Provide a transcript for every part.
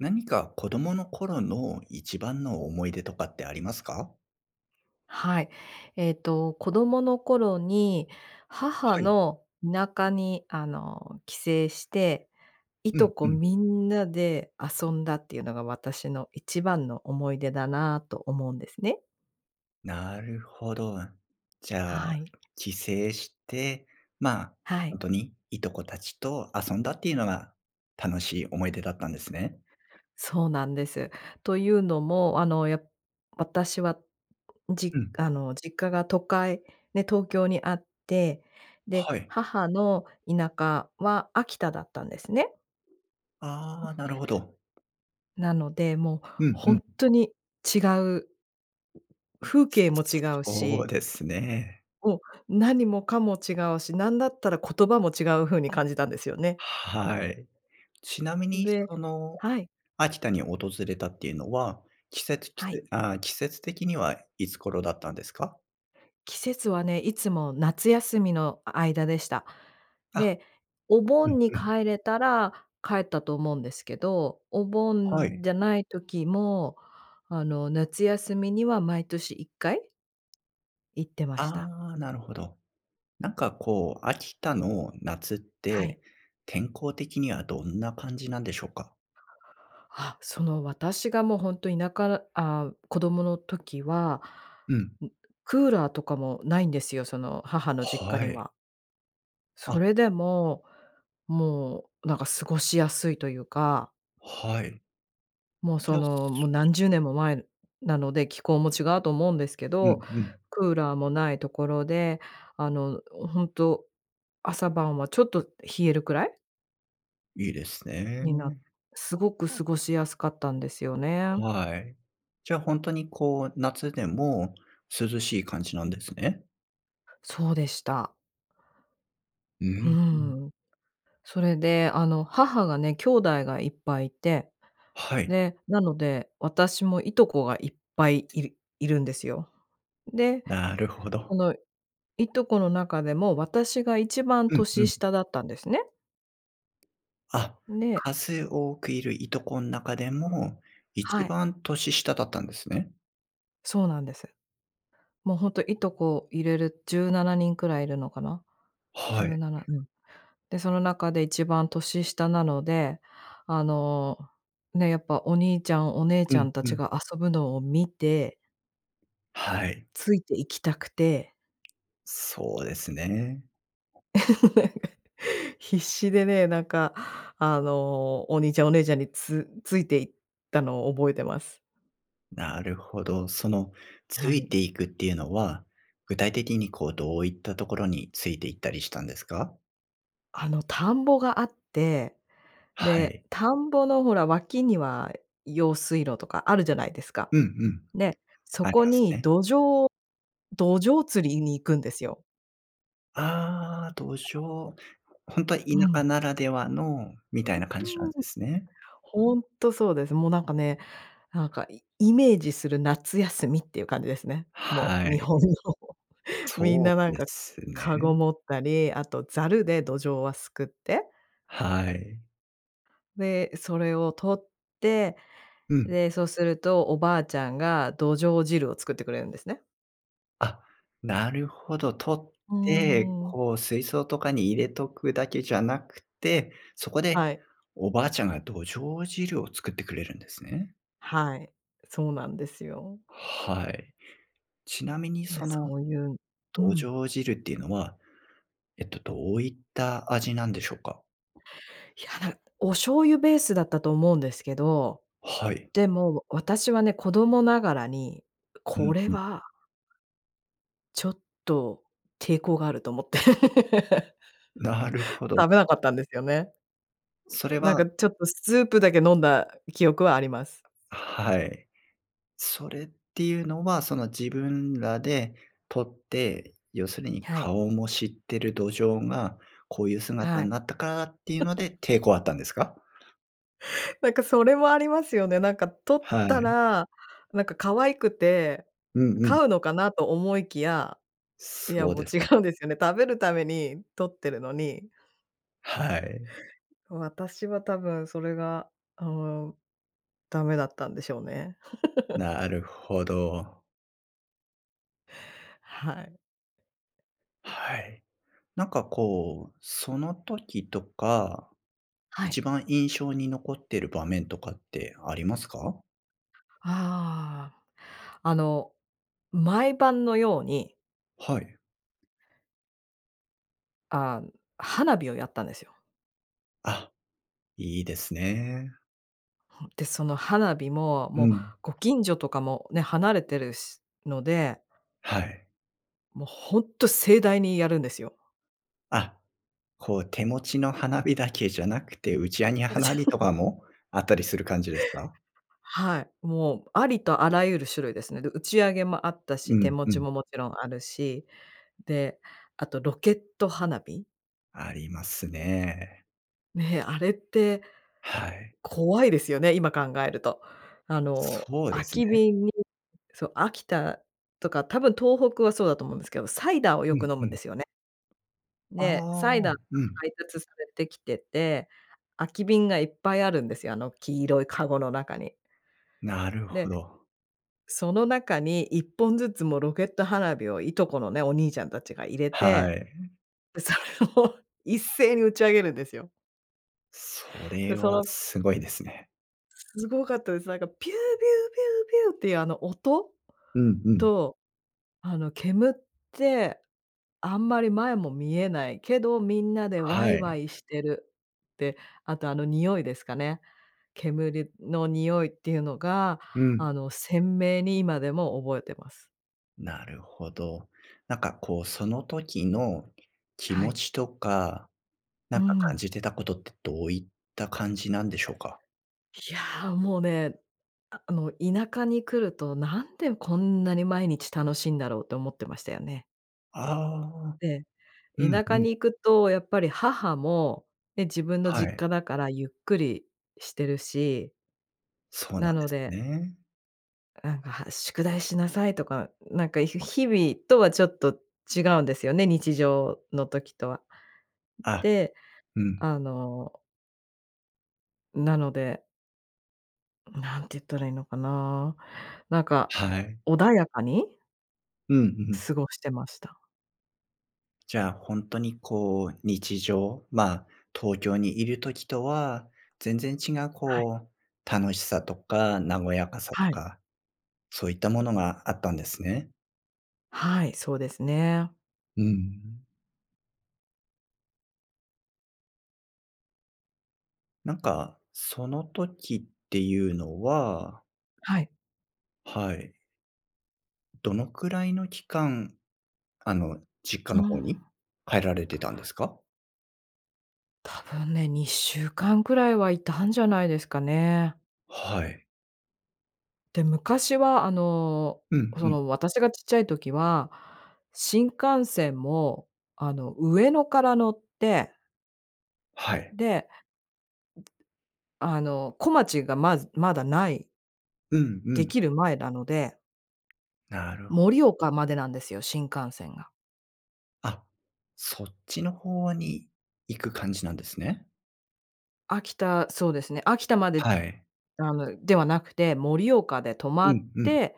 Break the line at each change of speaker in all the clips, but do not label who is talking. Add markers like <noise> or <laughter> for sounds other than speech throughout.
何か子供の頃の一番の思い出とかってありますか？
はい。えっと子供の頃に、母
はい。
の田舎に、あの、帰省して、い
う
と
ん
こ
うん。
みんなで遊んだっていうのが私の一番の思い出だなと思うんですね。
なるほど。じゃあ、
はい。
帰省して、まあ、
はい。
本当にいとこたちと遊んだっていうのが楽しい思い出だったんですね。
そうなんです。というのも、あのや私は、
う
じ
ん。
あの実家が都会、ね、東京にあって、で、
はい。
母の田舎は秋田だったんですね。う
あ
ん。
あ、なるほど。
なので、もう
うん
ほ
う
ん
ん。
とに違う風景も違う
そう
し
ですね。
もう、何もかも違うし、なんだったら言葉も違う風に感じたんですよね。
はい。ちなみに
で
その、
はい。
秋田に訪れたっていうのは、季節季
はい。
せあ、季節的にはいつ頃だったんですか？
季節はね、いつも夏休みのあ間でした。
あ、
で、お
うん
盆に
うん。
帰れたら帰ったと思うんですけど、お
は
盆
い。
じゃない時も、あの、夏休みには毎年1回行ってました。
ああ、なるほど。なんかこう、秋田の夏っ
はい。
て、天候的にはどんな感じなんでしょうか？
あ、その私がもうほんと田舎らあ、子供の時は、
うん。
んクーラーとかもないんですよ、その母の実家
は
に
い。
は。
あ
それでも、もうなんか過ごしやすいというか。
はい。
もう
じ
そ
ゃ、す
の、もう何十年も前なので、気候も違うと思うんですけ
う
ど、
んうん。
クーラーもないところで、あのほんと朝晩はちょっと冷えるくらい？
いいです
になっ
ね。
すごく過ごしやすかったんですよね。
はい。じゃあほんとにこう、夏でも涼しい感じなんですね？
そうでした。
うー
う
ん、うん。
ーん。それであの、母がね、兄弟がいっぱいいて、
はい。
で、なので、私もいとこがいっぱいいるいるんですよ。で、
なるほ
そ
ど。
のいとこの中でも私が一番
うんう
年
ん。
下だったんですね。
あ、
で
数多くいるいとこん中でも一
はい。
番年下だったんですね？
そうなんです。もうほんといとこ入れる17人くらいいるのかな？じ
は
ゅう
い。
なな、うん。で、その中で一番年下なので、あのね、やっぱお兄ちゃん、お姉
う
ちゃ
ん、
んた
う
ち
ん。
が遊ぶのを見て
はい。
ついて行きたくて
そうですね。
<laughs> 必死でね、なんかあのお兄ちゃんお姉ちゃんにつついて行ったのを覚えています。
なるほど。そのつ
はい。
いていくっていうのは、具体的にこうどういったところについて行ったりしたんですか？
あの田んぼがあって、
は
で、
い。
田んぼのほら脇には用水路とかあるじゃないですか。
うんうん。
で、そ
あり
こ
ます
に
ね。
どじょうどじょう釣りに行くんですよ。
ああ、どじょう、ほんとは田
うん。
舎ならではの、みたい
う
な感じなんで
ふう、う。
すね。
ほんとそうです。もうなんかね、なんかイイメージする夏休みっていう感じですね。も
は
う日
い。
本のみん
そ
なな
う
ん
で
か、
すね。
かご持ったり、あとザルでどじょうはすくって
はい。
で、それを取って、
うん。
で、そうするとおばあちゃんがどじょう汁を作ってくれるんですね。
あ、なるほど、捕っ
う
て、
ーん。
こう水槽とかに入れとくだけじゃなくて、そこで、
はい。
おばあちゃんがどじょう汁を作ってくれるんですね。
はい、そうなんですよ。
はい。ちなみに
ね、
その
そういうう
どじ
ん。
ょう汁っていうのは、えっと、どういった味なんでしょうか？
いやなお醤油ベースだったと思うんですけど。
はい。
でもわ私はね、子供ながらに、
うん
これ
うん。
はちょっと抵抗があると思って、
なるほ
<laughs>
ど。
食べなかったんですよね。
それ
なんか
は
ちょっとスープだけ飲んだ記憶はあります。
はい。それっていうのは、その自分らで捕って、要するに
はい。
顔も知っているドジョウがこういう姿
は
に
い。
なったからっていうので
<laughs>
抵抗あったんですか？
なんかそれもありますよね。なんか捕っ
は
た
い。
ら、なんか可愛くて
うんうん。
飼うのかなと思いきや、いや、
そう
もう
です
違
ね。
うんですよね。食べるために捕ってるのに
はい。
私は多分、それが、あの、ダメだったんでしょうね。<laughs>
なるほど。
はい。
はい。なんかこう、その時とか、
はい。
一番印象に残ってる場面とかってありますか？
ああ。あの、毎晩のように
はい。
あん、花火をやったんですよ。
あ、いいですね。
ふん、で、その花火も、
う
もう
ん。
ご近所とかもね、離れてるしので
はい。
もうほんと盛大にやるんですよ。
あ、こう手持ちの花火だけじゃなくて、打ちあげ
うち
花火とか
<laughs>
もあったりする感じですか？
はい。もう、ありとあらゆる種類ですね。で、打ち上げもあった
う
し、手
ん、
持
う
ち
ん。
も、もちろんあるし。で、あと、ロケット花火？
ありますね。
ね。あれって、
はい。
怖いですよね、今考えると。あの
そうで
空
すね。
き瓶にそう、秋田とか、多分東北はそうだと思うんですけど、サイダーを
う
よく
ん、
飲む
う
んで
ん。
すよね。で、
ああ、
サイダーが
うん。
配達されて来てて、空き瓶がいっぱいあるんですよ。あの黄色いかごの中に。
なるほ
で、
ど。
その中に1本ずつ、も、ロケット花火を、いとこのね、お兄ちゃんたちが入れ
は
て、
い。
で、それを一斉に打ち上げるんですよ。
それ
で、そ
は
の
すごいですね。
すごかったです。なんかピューピューピューピューっていうあの音
うんうん。
と、あの煙ってあんまり前も見えないけど、みんなでわ
は
いわ
い。
いしてるって、あとあの匂いですかね。煙の匂いっていうのが
うん。
あの鮮明に今でも覚えてます。
なるほど。なんかこうその時の気
は
持
い。
ちとか、な
うー
んか感
ん。
じてたことってどういった感じなんでしょうか？
いや、もうね、あの田舎に来るとなんでこんなに毎日楽しいんだろうと思ってましたよね。
ああ。
で、
うん
田舎
うん。
に行くとやっぱり母も、ね、自分の
は
実
い。
家だからゆっくりしてるし
そうな
な
ん
の
です
で
ね。
なんか、は「宿題しなさい」とか、なんかひ日々とはちょっと違うんですよね、日常の時とは。
あ、
で、
うん。
あのなので何て言ったらいいのかな。なんか、
はい。
穏やかに
うんうん。
過ごしてました。
じゃあ、ほんとに、こう、日常、ま、東京にいる時とは全然違う、
はい。
こう、楽しさとか和やかさと
はい。
か、そういったものがあったんですね。
はい、そうですね。
うん。なんか、その時っていうのは
はい。
はい。どのくらいの期間、あの、実家
な
の方に
あ。
帰られてたんですか？
多分ね2週間くらいはいたんじゃないですかね。
はい。
で、昔は、あの、
うん
そ
うん。
の私がちっちゃい時は新幹線も、あの、上野から乗って
はい。
で、あの、こまちがまずまだない
うんう
で
ん。
きる前なので
なるほ。
盛岡までなんですよ新幹線が。
あ、そっちの方に行く感じなんですね。
秋田、そうですね、秋田まで
はい。
あの、ではなくて、盛岡で止
う
まっ
んうん。
て、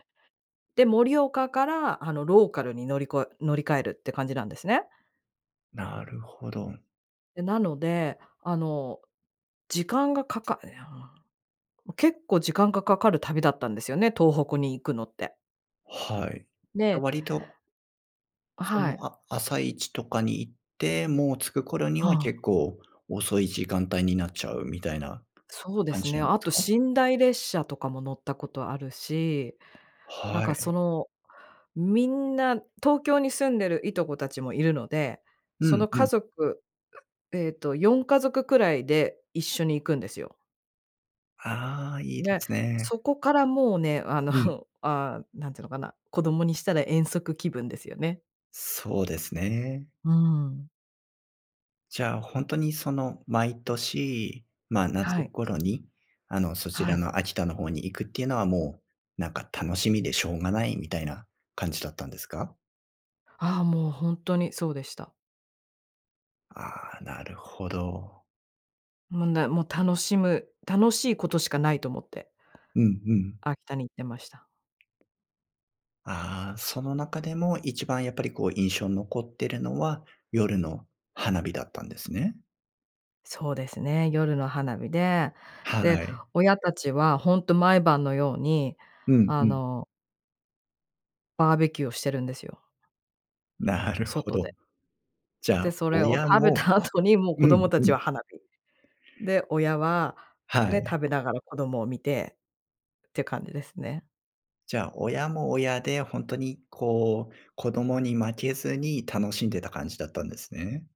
で、盛岡から、あの、ローカルに乗りこえ乗り換えるって感じなんですね。
なるほど。
で、なので、あの、時間がかかいや、ま、結構時間がかかる旅だったんですよね、東北に行くのって。
はい、じゃあ
で
割と
あ、
そ
は
の、
い。
あ朝一とかに行って、もう着く頃に
は
は
あ。
結構遅い時間帯になっちゃうみたいな
そうで
感
す
じ
ね、
なんで
あ
す
と
か？
寝台列車とかも乗ったことあるし、なん
は
か、
い。
その、みんな東京に住んでるいとこたちもいるので、
う
そ
ん、
の
う
家
ん。
族うええと、4家族くらいで一緒に行くんですよ。
ああ、いいで
で、
すね。
そこからもうね、あの、
うん。
<chuckles> あ、なんていうのかな。子供にしたら遠足気分ですよね。
そうですね。
うーん。
じゃあほんとにその毎年、ま、
は
夏
い。
頃に、あの、そち
は
ら
い。
の秋田の方に行くっていうのは、もうなんか楽しみでしょうがないみたいな感じだったんですか？
あ、もうほんとにそうでした。
ああ、なるほど。
むんで、も、楽しむ、楽しいことしかないと思って
うんうん。
秋田に行ってました。
ああ、その中でも一番やっぱりこう印象残っているのは夜の花火だったんですね。
そうですね、夜の花火で、
は
で、
い。
親たちはほんと毎晩のように
うん
あ
うん。
のバーベキューをしてるんですよ。
なるほ
外で。
ど。じゃあ、
で、それを
親
食べ
も
た後にもう
う
子
ん、
供た
う
ち
ん。
は花火。で、親は、
は
ね、
い。
食べながら子供を見てって感じですね。
じゃあ、親も親でほんとにこう、子供に負けずに楽しんでた感じだったんですね。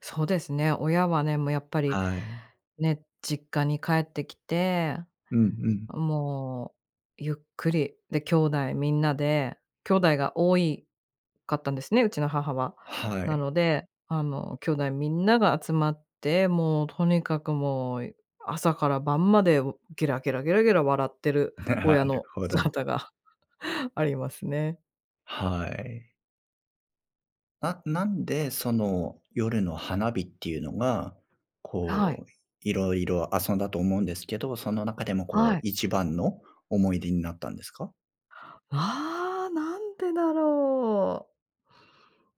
そうですね。親はね、もうやっぱり
はい。
ね、実家に帰ってきて、
うんうん。
もうゆっくり、で、兄弟みんなで、兄弟が多いかったんですね、うちの母は。
は
な
い。
ので、あの兄弟みんなが集まって、もうとにかくもう朝から晩までをゲラゲラ、ゲラゲラ笑ってる
な
親
る
の
ほど。
姿がありますね。
はい。あっ、なんでその夜の花火っていうのが、
はい。
こう、色々遊んだと思うんですけど、その中でもこ
は
う
い。
一番の思い出になったんですか？
わあ、なんでだろう？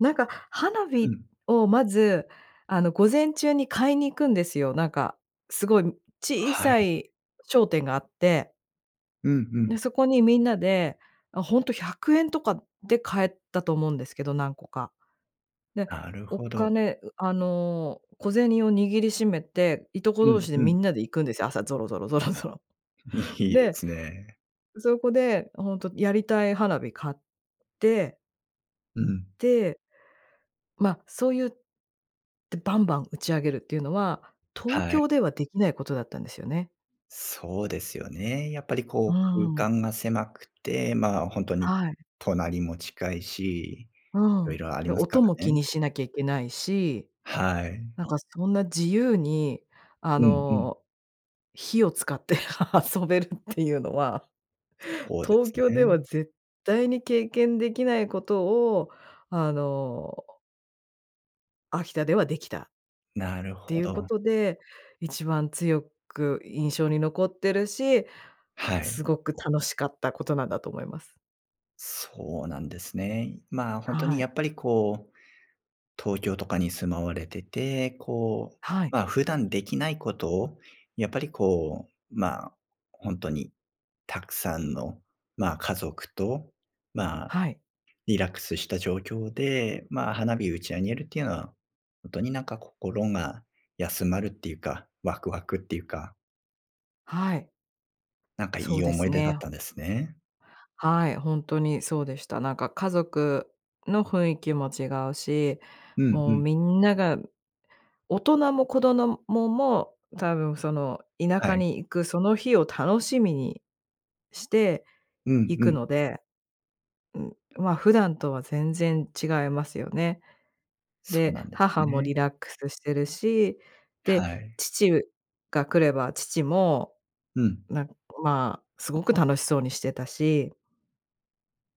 なんか花
う
火
ん。
をまず、あの午前中に買いに行くんですよ。なんか、すごい小
は
さ
い。
い商店があって。
うんうん。
で、そこにみんなで、あ、ほんと￥100とかで買えたと思うんですけど、何個か。で、
なる
お
ほど。
金あの、小銭を握りしめて、いとこ
う
同
ん
士で
う
み
ん。
んなで行くんですよ。朝ぞろぞろ、ぞろぞろ。
い
<chuckles>
いで
で、
すね。
そこで、ほんと、やりたい花火買って
ううん。
でま、そういう、で、バンバン打ち上げるっていうのは、東
はい。
京ではできないことだったんですよね。
そうですよね。やっぱり
う
こう、
ーん。
空間が狭くて、まあ本当に
はい。
隣も近いし、
う
色
ん。
々あり
で、
ますか
音も
ら
気
ね。
にしなきゃいけないし。
はい。
なんかそんな自由に、あ
うんうん。
の、火を使って遊べるっていうのは、
そうで
東
す
京で
ね。
は絶対に経験できないことを、あの秋田ではできたっ
なる
て
ほ
いうこ
ど。
とで、一番強く印象に残ってるし、
はい。
すごく楽しかったことなんだと思います。
そうなんですね。まあ、ほんと
は
に
い。
やっぱりこう東京とかに住まわれてて、こう
はい。
まあ、普段できないことをやっぱり、こうまあ、ほんとにたくさんの、まあ、家族と、まあ、
はい。
リラックスした状況で、まあ、花火を打ち上げるっていうのは、ほんとになんか心が休まるっていうか、ワクワクっていうか。
はい。
なんかい
そう
い
で
思
す
い出だっ
ね。
たんですね。
はい、ほんとにそうでした。なんか家族の雰囲気も違うし、
うんう
もう
ん。
みんなが、大人も子どもも、もう多分その、田
は
舎
い。
に行くその日を楽しみにして
うん
行
う
く
ん。
ので。うん、まあ普段とは全然違いますよね。
そう
で、
なんです
母もリ
ね。
ラックスしてるし、で、
はい。
父が来れば父も
うん。
なん、まあ、すごく楽しそうにしてたし。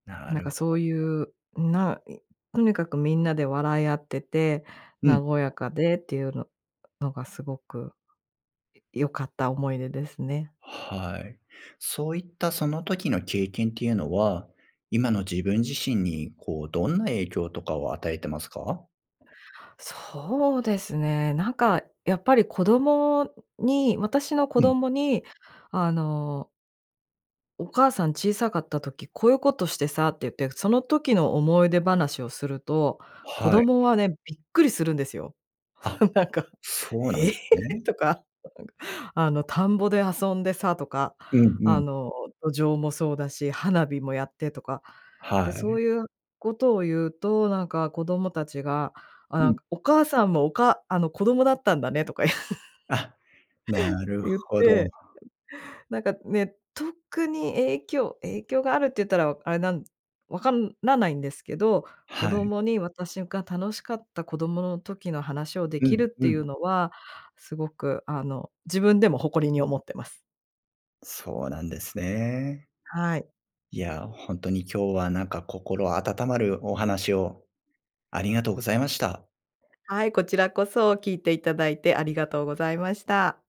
な
なん
る
か
ほ。
そういう、なんとにかくみんなで笑い合ってて、
うん。
和やかでっていうののがすごく良かった思い出ですね。
はい。そういったその時の経験っていうのは、今の自分自身に、こう、どんな影響とかを与えてますか？
そうですね。なんかやっぱり、子供に、私の子
うん。
供に、あのお母さん小さかった時、こういうことしてさって言って、その時の思い出話をすると、子
はい。
供はね、びっくりするんですよ。
あ。
<laughs> なんか、
そうな
え
ん
え！
ですね。
とか、なんか、あの田んぼで遊んでさとか、
うんう
あ
ん。
の、どじょうもそうだし、花火もやってとか。で、
は
そ
い。
ういうことを言うと、なんか、子供たちが、あ、
う
なん
ん。
か、お母さんもおかあの、子供だったんだねとか言
あ、なる
う
ほ
言っ
ど。
て。なんかね、特に影響影響があるって言ったらあれなん分かんらないんですけど、子
はい。
供に私が楽しかった子供の時の話を出
う
来る
ん、
っ
う
てい
ん。
うのは、すごくあの、自分でも誇りに思ってます。
そうなんですね。
はい。
いや、ほんとに今日は、なんか心温まるお話をありがとうございました。
はい、こちらこそ聞いていただいて、ありがとうございました。